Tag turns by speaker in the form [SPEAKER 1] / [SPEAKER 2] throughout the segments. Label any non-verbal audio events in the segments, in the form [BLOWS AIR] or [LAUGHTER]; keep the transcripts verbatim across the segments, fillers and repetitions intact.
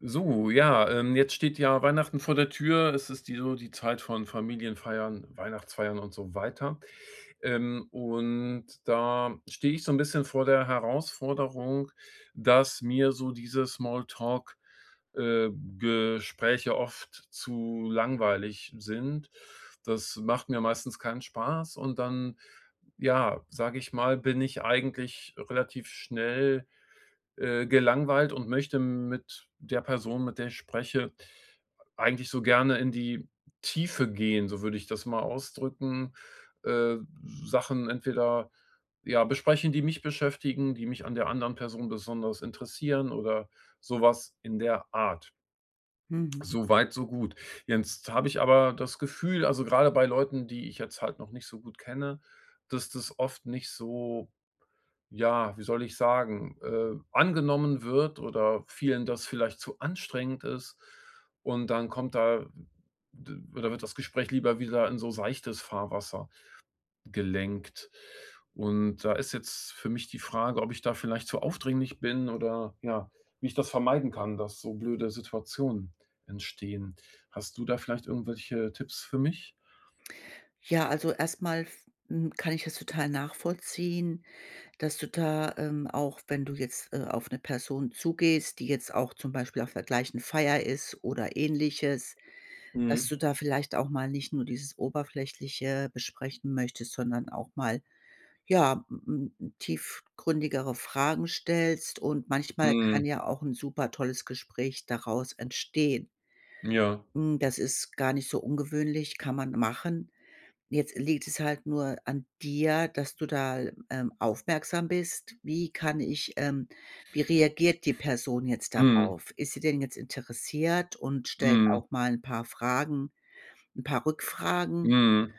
[SPEAKER 1] So, ja, ähm, jetzt steht ja Weihnachten vor der Tür. Es ist die so die Zeit von Familienfeiern, Weihnachtsfeiern und so weiter. Ähm, und da stehe ich so 'n bisschen vor der Herausforderung, dass mir so diese Small Talk äh, Gespräche oft zu langweilig sind. Das macht mir meistens keinen Spaß und dann, ja, sage ich mal, bin ich eigentlich relativ schnell, äh, gelangweilt und möchte mit der Person, mit der ich spreche, eigentlich so gerne in die Tiefe gehen, so würde ich das mal ausdrücken, äh, Sachen entweder, ja, besprechen, die mich beschäftigen, die mich an der anderen Person besonders interessieren oder so was in der Art.
[SPEAKER 2] Mhm.
[SPEAKER 1] So weit, so gut. Jetzt habe ich aber das Gefühl, also, grade bei Leuten, die ich jetzt halt noch nicht so gut kenne, dass das oft nicht so, ja, wie soll ich sagen, äh, angenommen wird oder vielen das vielleicht zu anstrengend ist, und dann kommt da d oder wird das Gespräch lieber wieder in so seichtes Fahrwasser gelenkt. Und da ist jetzt für mich die Frage, ob ich da vielleicht zu aufdringlich bin oder, ja, wie ich das vermeiden kann, dass so blöde Situationen entstehen. Hast du da vielleicht irgendwelche Tipps für mich?
[SPEAKER 2] Ja, also, erst mal f hm, kann ich das total nachvollziehen, dass du da, ähm, auch wenn du jetzt, äh, auf 'ne Person zugehst, die jetzt auch zum Beispiel auf der gleichen Feier ist oder Ähnliches dass
[SPEAKER 1] Mhm.
[SPEAKER 2] du da vielleicht auch mal nicht nur dieses Oberflächliche besprechen möchtest, sondern auch mal, ja, m m m tiefgründigere Fragen stellst und manchmal kann
[SPEAKER 1] Mhm.
[SPEAKER 2] ja auch 'n super tolles Gespräch daraus entstehen.
[SPEAKER 1] Ja.
[SPEAKER 2] Hm, das ist gar nicht so ungewöhnlich. Kann man machen. Jetzt liegt es halt nur an dir, dass du da, ähm, aufmerksam bist. Wie kann ich, ähm wie reagiert die Person jetzt
[SPEAKER 1] Mhm.
[SPEAKER 2] darauf? Ist sie denn jetzt interessiert und stellt
[SPEAKER 1] Mhm.
[SPEAKER 2] auch mal 'n paar Fragen 'n paar Rückfragen?
[SPEAKER 1] Mhm.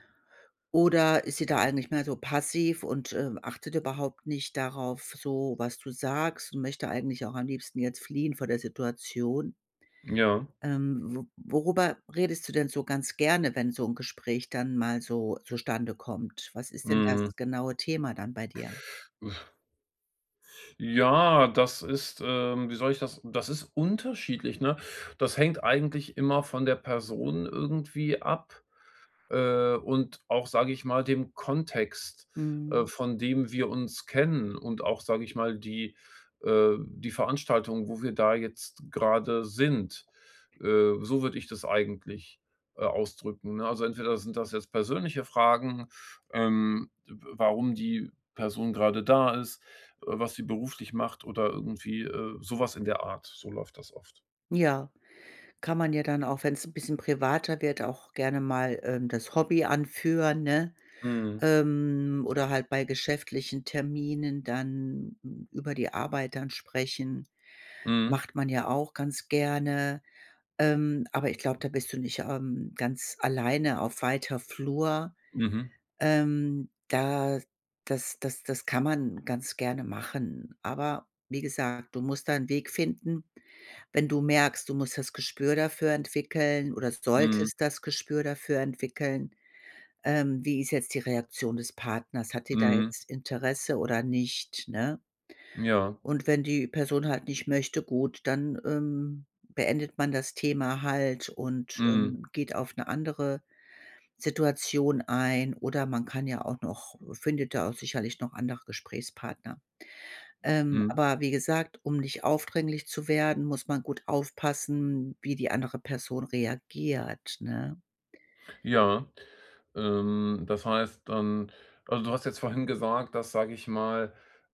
[SPEAKER 2] Oder ist sie da eigentlich mehr so passiv und, äh, achtet überhaupt nicht darauf so was du sagst und möchte eigentlich auch am liebsten jetzt fliehen vor der Situation?
[SPEAKER 1] Ja.
[SPEAKER 2] Ähm, wo worüber redest du denn so ganz gerne, wenn so 'n Gespräch dann mal so zustande kommt? Was ist denn
[SPEAKER 1] Mhm.
[SPEAKER 2] das genaue Thema dann bei dir?
[SPEAKER 1] Ja, das ist, ähm wie soll ich das das ist unterschiedlich, ne? Das hängt eigentlich immer von der Person irgendwie ab, äh, und auch, sage ich mal, dem Kontext, äh,
[SPEAKER 2] Mhm.
[SPEAKER 1] von dem wir uns kennen und auch, sage ich mal, die, äh die Veranstaltung, wo wir da jetzt grade sind. Äh, so würde ich das eigentlich, äh, ausdrücken, ne? Also, entweder sind das jetzt persönliche Fragen, ähm, w warum die Person grade da ist, äh, was sie beruflich macht oder irgendwie, äh, so was in der Art. So läuft das oft.
[SPEAKER 2] Ja, kann man ja dann auch, wenn's 'n bisschen privater wird, auch gerne mal, ähm, das Hobby anführen, ne?
[SPEAKER 1] Mhm.
[SPEAKER 2] Ähm, oder halt bei geschäftlichen Terminen dann über die Arbeit dann sprechen,
[SPEAKER 1] Mhm.
[SPEAKER 2] macht man ja auch ganz gerne. Ähm, aber ich glaube, da bist du nicht, ähm, ganz alleine auf weiter Flur.
[SPEAKER 1] Mhm.
[SPEAKER 2] Ähm, da das das das kann man ganz gerne machen. Aber wie gesagt, du musst da 'n Weg finden, wenn du merkst, du musst das Gespür dafür entwickeln oder
[SPEAKER 1] Mhm.
[SPEAKER 2] solltest das Gespür dafür entwickeln, ähm, wie ist jetzt die Reaktion des Partners? Hat die da
[SPEAKER 1] Mhm.
[SPEAKER 2] jetzt Interesse oder nicht, ne?
[SPEAKER 1] Ja.
[SPEAKER 2] Und wenn die Person halt nicht möchte, gut, dann, ähm, beendet man das Thema halt und,
[SPEAKER 1] Mhm.
[SPEAKER 2] ähm, geht auf 'ne andere Situation ein. Oder man kann ja auch noch findet da auch sicherlich noch andere Gesprächspartner. Ähm,
[SPEAKER 1] Mhm.
[SPEAKER 2] aber wie gesagt, um nicht aufdringlich zu werden, muss man gut aufpassen, wie die andere Person reagiert, ne?
[SPEAKER 1] Ja, ähm, das heißt dann also, du hast jetzt vorhin gesagt, dass, sage ich mal,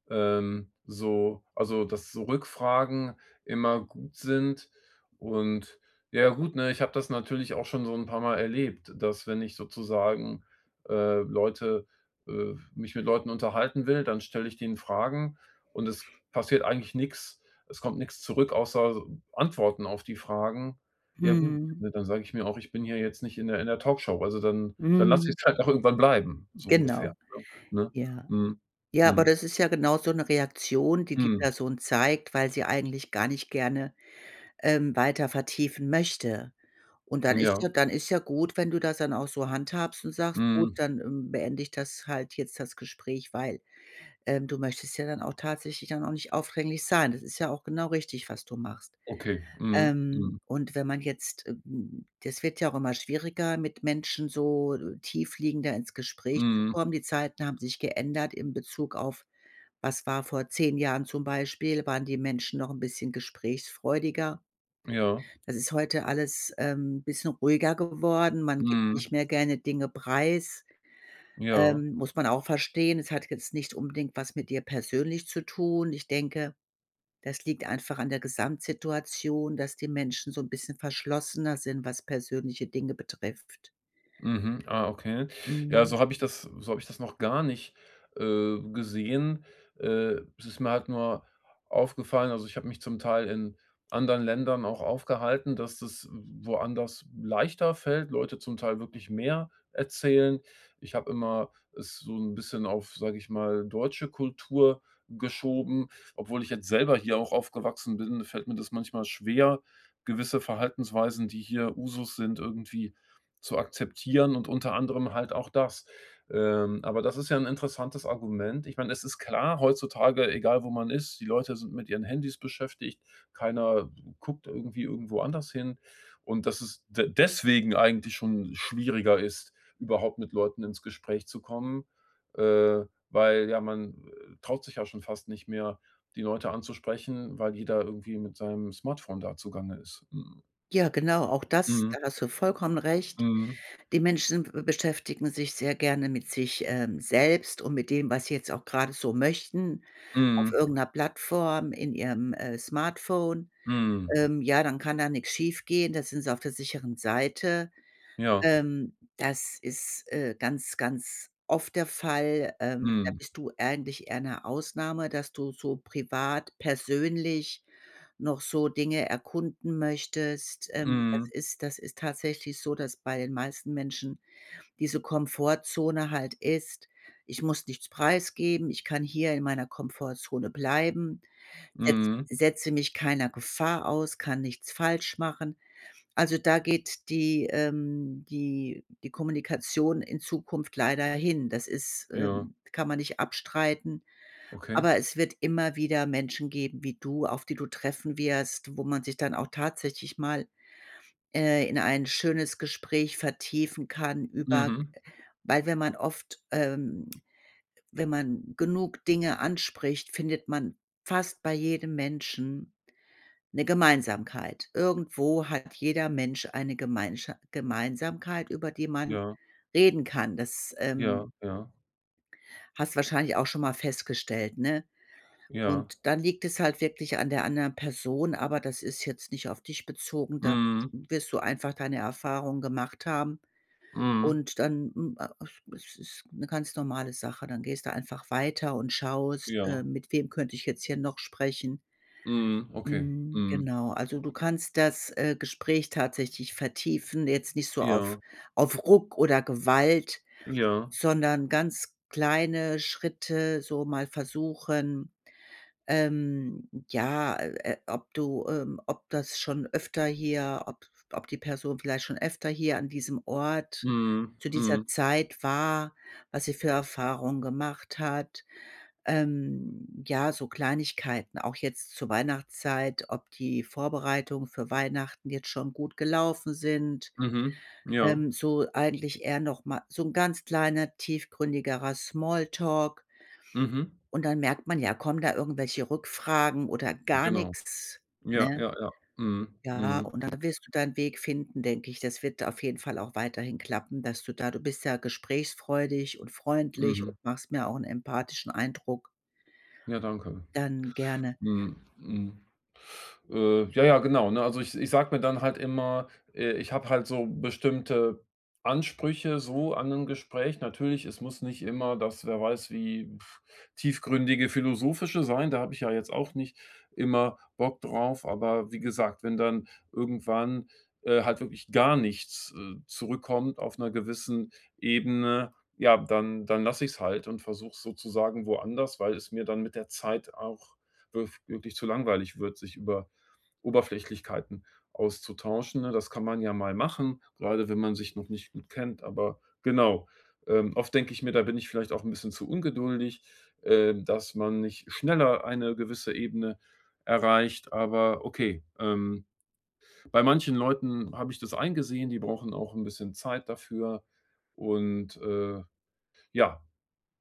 [SPEAKER 1] ähm, so also, dass so Rückfragen immer gut sind. Und ja gut, ne, ich habe das natürlich auch schon so 'n paar Mal erlebt, dass wenn ich sozusagen, äh, Leute, äh mich mit Leuten unterhalten will, dann stelle ich denen Fragen, und es passiert eigentlich nix. Es kommt nix zurück, außer Antworten auf die Fragen. Ja gut,
[SPEAKER 2] Mhm.
[SPEAKER 1] ne, dann sage ich mir auch: „Ich bin hier jetzt nicht in der in der Talkshow.“ Also dann dann lasse
[SPEAKER 2] Mhm.
[SPEAKER 1] ich's halt auch irgendwann bleiben, so ungefähr,
[SPEAKER 2] Genau.
[SPEAKER 1] ne? Ne?
[SPEAKER 2] Ja.
[SPEAKER 1] Mhm.
[SPEAKER 2] Ja, aber
[SPEAKER 1] Mhm.
[SPEAKER 2] das ist ja genau so 'ne Reaktion, die die
[SPEAKER 1] Hm.
[SPEAKER 2] Person zeigt, weil sie eigentlich gar nicht gerne, ähm, weiter vertiefen möchte. Und dann ist
[SPEAKER 1] Ja.
[SPEAKER 2] ja dann ist ja gut, wenn du das dann auch so handhabst und sagst: „Gut,
[SPEAKER 1] Mhm.
[SPEAKER 2] dann, ähm, beende ich das halt jetzt, das Gespräch.“ Weil, ähm, du möchtest ja dann auch tatsächlich dann auch nicht aufdringlich sein. Das ist ja auch genau richtig, was du machst.
[SPEAKER 1] Okay, mhm,
[SPEAKER 2] Ähm,
[SPEAKER 1] mhm.
[SPEAKER 2] und wenn man jetzt, äh m das wird ja auch immer schwieriger, mit Menschen so tiefliegender ins Gespräch zu
[SPEAKER 1] Mhm.
[SPEAKER 2] kommen. Die Zeiten haben sich geändert im Bezug auf was war vor zehn Jahren zum Beispiel, waren die Menschen noch 'n bisschen gesprächsfreudiger.
[SPEAKER 1] Ja.
[SPEAKER 2] Das ist heute alles, ähm, bisschen ruhiger geworden. Man gibt nicht
[SPEAKER 1] Mhm.
[SPEAKER 2] mehr gerne Dinge preis.
[SPEAKER 1] Ja.
[SPEAKER 2] Ähm, muss man auch verstehen. Es hat jetzt nicht unbedingt was mit dir persönlich zu tun. Ich denke, das liegt einfach an der Gesamtsituation, dass die Menschen so 'n bisschen verschlossener sind, was persönliche Dinge betrifft.
[SPEAKER 1] Mhm, ah, okay. Ja,
[SPEAKER 2] Mhm.
[SPEAKER 1] so habe ich das so habe ich das noch gar nicht, äh, gesehen. Äh, es ist mir halt nur aufgefallen- also, ich habe mich zum Teil in anderen Ländern auch aufgehalten- dass das w woanders leichter fällt, Leute zum Teil wirklich mehr erzählen. Ich habe immer es so 'n bisschen auf, sage ich mal, deutsche Kultur geschoben. Obwohl ich jetzt selber hier auch aufgewachsen bin, fällt mir das manchmal schwer, gewisse Verhaltensweisen, die hier Usus sind, irgendwie zu akzeptieren und unter anderem halt auch das. Ähm, aber das ist ja 'n interessantes Argument. Ich meine, es ist klar, heutzutage, egal wo man ist, die Leute sind mit ihren Handys beschäftigt, keiner guckt irgendwie irgendwo anders hin. Und dass es de deswegen eigentlich schon schwieriger ist, überhaupt mit Leuten ins Gespräch zu kommen, äh, weil ja, man, äh, traut sich ja schon fast nicht mehr, die Leute anzusprechen, weil jeder irgendwie mit seinem Smartphone da zugange ist. Mhm.
[SPEAKER 2] Ja genau, auch das,
[SPEAKER 1] Mhm.
[SPEAKER 2] da hast du vollkommen recht.
[SPEAKER 1] Mhm.
[SPEAKER 2] Die Menschen w beschäftigen sich sehr gerne mit sich, ähm, selbst und mit dem, was sie jetzt auch grade so möchten, auf
[SPEAKER 1] Mhm.
[SPEAKER 2] irgend 'ner Plattform in ihrem, äh, Smartphone.
[SPEAKER 1] Mhm.
[SPEAKER 2] Ähm, ja, dann kann da nix schiefgehen, da sind sie auf der sicheren Seite.
[SPEAKER 1] Ja.
[SPEAKER 2] Ähm, das ist, äh, ganz, ganz oft der Fall. Ähm, da
[SPEAKER 1] Mhm.
[SPEAKER 2] bist du eigentlich eher 'ne Ausnahme, dass du so privat persönlich noch so Dinge erkunden möchtest. Ähm, das
[SPEAKER 1] Mhm.
[SPEAKER 2] ist das ist tatsächlich so, dass bei den meisten Menschen diese Komfortzone halt ist: „Ich muss nichts preisgeben, ich kann hier in meiner Komfortzone bleiben, setz
[SPEAKER 1] Mhm.
[SPEAKER 2] setze mich keiner Gefahr aus, kann nichts falsch machen.“ Also, da geht die, ähm die die Kommunikation in Zukunft leider hin. Das ist
[SPEAKER 1] Ja.
[SPEAKER 2] ähm, kann man nicht abstreiten,
[SPEAKER 1] Okay.
[SPEAKER 2] aber es wird immer wieder Menschen geben wie du, auf die du treffen wirst, wo man sich dann auch tatsächlich mal, äh, in ein schönes Gespräch vertiefen kann über g
[SPEAKER 1] Mhm.
[SPEAKER 2] weil wenn man oft, ähm wenn man genug Dinge anspricht, findet man fast bei jedem Menschen 'ne Gemeinsamkeit. Irgendwo hat jeder Mensch eine Gemeinscha Gemeinsamkeit, über die man
[SPEAKER 1] Ja.
[SPEAKER 2] reden kann. Das, ähm
[SPEAKER 1] Ja, ja.
[SPEAKER 2] Hast du wahrscheinlich auch schon mal festgestellt, ne?
[SPEAKER 1] Ja.
[SPEAKER 2] Und dann liegt es halt wirklich an der anderen Person, aber das ist jetzt nicht auf dich bezogen, da
[SPEAKER 1] Mhm.
[SPEAKER 2] wirst du einfach deine Erfahrung gemacht haben.
[SPEAKER 1] Mhm.
[SPEAKER 2] Und dann, m a es ist 'ne ganz normale Sache. Dann gehst du einfach weiter und schaust, äh,
[SPEAKER 1] Ja.
[SPEAKER 2] mit wem könnte ich jetzt hier noch sprechen?
[SPEAKER 1] Mhm, okay.
[SPEAKER 2] Hm,
[SPEAKER 1] Mhm.
[SPEAKER 2] genau. Also, du kannst das, äh, Gespräch tatsächlich vertiefen. Jetzt nicht so auf
[SPEAKER 1] Ja.
[SPEAKER 2] auf Ruck oder Gewalt,
[SPEAKER 1] Ja.
[SPEAKER 2] sondern ganz kleine Schritte so mal versuchen, ähm, ja, äh, äh, ob du, ähm ob das schon öfter hier, ob ob die Person vielleicht schon öfter hier an diesem Ort,
[SPEAKER 1] Mhm,
[SPEAKER 2] zu dieser
[SPEAKER 1] mhm.
[SPEAKER 2] Zeit war, was sie für Erfahrungen gemacht hat. Ähm, ja, so Kleinigkeiten auch jetzt zur Weihnachtszeit, ob die Vorbereitungen für Weihnachten jetzt schon gut gelaufen sind.
[SPEAKER 1] Mhm, ja.
[SPEAKER 2] Ähm, so eigentlich eher noch mal so 'n ganz kleiner, tiefgründigerer Small Talk
[SPEAKER 1] Mhm.
[SPEAKER 2] und dann merkt man ja, kommen da irgendwelche Rückfragen oder gar
[SPEAKER 1] Genau.
[SPEAKER 2] nix,
[SPEAKER 1] Ja,
[SPEAKER 2] ne?
[SPEAKER 1] ja, ja. Mhm,
[SPEAKER 2] Ja,
[SPEAKER 1] mhm.
[SPEAKER 2] und da wirst du deinen Weg finden, denke ich. Das wird auf jeden Fall auch weiterhin klappen, dass du da du bist ja gesprächsfreudig und freundlich
[SPEAKER 1] Mhm.
[SPEAKER 2] und machst mir auch 'n empathischen Eindruck.
[SPEAKER 1] Ja, danke.
[SPEAKER 2] Dann gerne.
[SPEAKER 1] Mhm, mhm. Äh, ja, ja, genau, ne? Also, ich ich sage mir dann halt immer, äh, ich habe halt so bestimmte Ansprüche so an 'nem Gespräch. Natürlich, es muss nicht immer das, wer weiß, wie [BLOWS AIR] tiefgründige Philosophische sein. Da habe ich ja jetzt auch nicht immer Bock drauf, aber wie gesagt, wenn dann irgendwann, äh, halt wirklich gar nichts, äh, zurückkommt auf 'ner gewissen Ebene, ja, dann dann lasse ich es halt und versuche sozusagen woanders, weil es mir dann mit der Zeit auch wirf wirklich zu langweilig wird, sich über Oberflächlichkeiten auszutauschen, ne? Das kann man ja mal machen, grade wenn man sich noch nicht gut kennt, aber genau. Ähm, oft denke ich mir, da bin ich vielleicht auch 'n bisschen zu ungeduldig, ähm, dass man nicht schneller eine gewisse Ebene erreicht, aber okay. Ähm, bei manchen Leuten habe ich das eingesehen, die brauchen auch 'n bisschen Zeit dafür und, äh ja.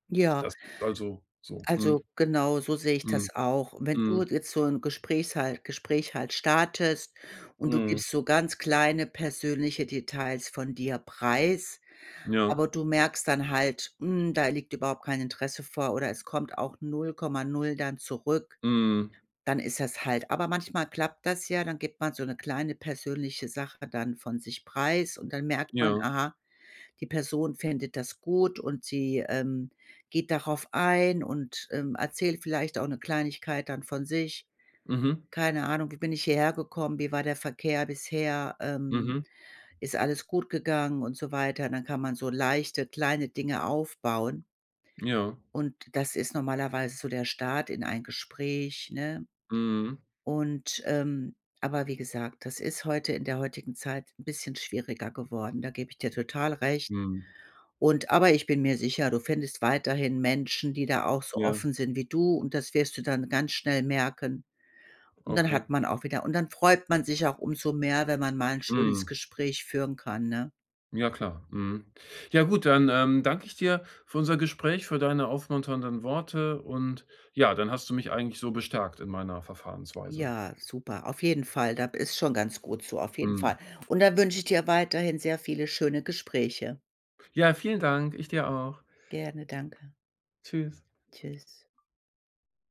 [SPEAKER 2] Ja.
[SPEAKER 1] Das ist also so. Mhm.
[SPEAKER 2] Also, genau so sehe ich das
[SPEAKER 1] Mhm.
[SPEAKER 2] auch. Wenn du
[SPEAKER 1] Mhm.
[SPEAKER 2] jetzt so 'n Gespräch halt Gespräch halt startest und du
[SPEAKER 1] Mhm.
[SPEAKER 2] gibst so ganz kleine persönliche Details von dir preis,
[SPEAKER 1] Ja.
[SPEAKER 2] aber du merkst dann halt, hm, da liegt überhaupt kein Interesse vor oder es kommt auch null Komma null dann zurück,
[SPEAKER 1] Mhm.
[SPEAKER 2] dann ist das halt Aber manchmal klappt das ja. Dann gibt man so 'ne kleine persönliche Sache dann von sich preis und dann merkt man,
[SPEAKER 1] Ja.
[SPEAKER 2] aha, die Person findet das gut und sie, ähm, geht darauf ein und, ähm, erzählt vielleicht auch 'ne Kleinigkeit dann von sich.
[SPEAKER 1] Mhm.
[SPEAKER 2] Keine Ahnung, wie bin ich hierhergekommen? Wie war der Verkehr bisher? Ähm,
[SPEAKER 1] Mhm.
[SPEAKER 2] ist alles gut gegangen und so weiter. Und dann kann man so leichte, kleine Dinge aufbauen.
[SPEAKER 1] Ja.
[SPEAKER 2] Und das ist normalerweise so der Start in ein Gespräch, ne?
[SPEAKER 1] Mhm.
[SPEAKER 2] Und, ähm, aber wie gesagt, das ist heute, in der heutigen Zeit, 'n bisschen schwieriger geworden. Da gebe ich dir total recht.
[SPEAKER 1] Mhm.
[SPEAKER 2] Und aber ich bin mir sicher, du findest weiterhin Menschen, die da auch so
[SPEAKER 1] Ja.
[SPEAKER 2] offen sind wie du und das wirst du dann ganz schnell merken. Und dann
[SPEAKER 1] Okay.
[SPEAKER 2] hat man auch wieder und dann freut man sich auch umso mehr, wenn man mal 'n schönes
[SPEAKER 1] Mhm.
[SPEAKER 2] Gespräch führen kann, ne?
[SPEAKER 1] Ja klar, mhm. Ja gut, dann, ähm, danke ich dir für unser Gespräch, für deine aufmunternden Worte und, ja, dann hast du mich eigentlich so bestärkt in meiner Verfahrensweise.
[SPEAKER 2] Ja, super. Auf jeden Fall. Da b ist schon ganz gut so, auf jeden
[SPEAKER 1] Mhm.
[SPEAKER 2] Fall. Und dann wünsche ich dir weiterhin sehr viele schöne Gespräche.
[SPEAKER 1] Ja, vielen Dank. Ich dir auch.
[SPEAKER 2] Gerne, danke.
[SPEAKER 1] Tschüss.
[SPEAKER 2] Tschüss.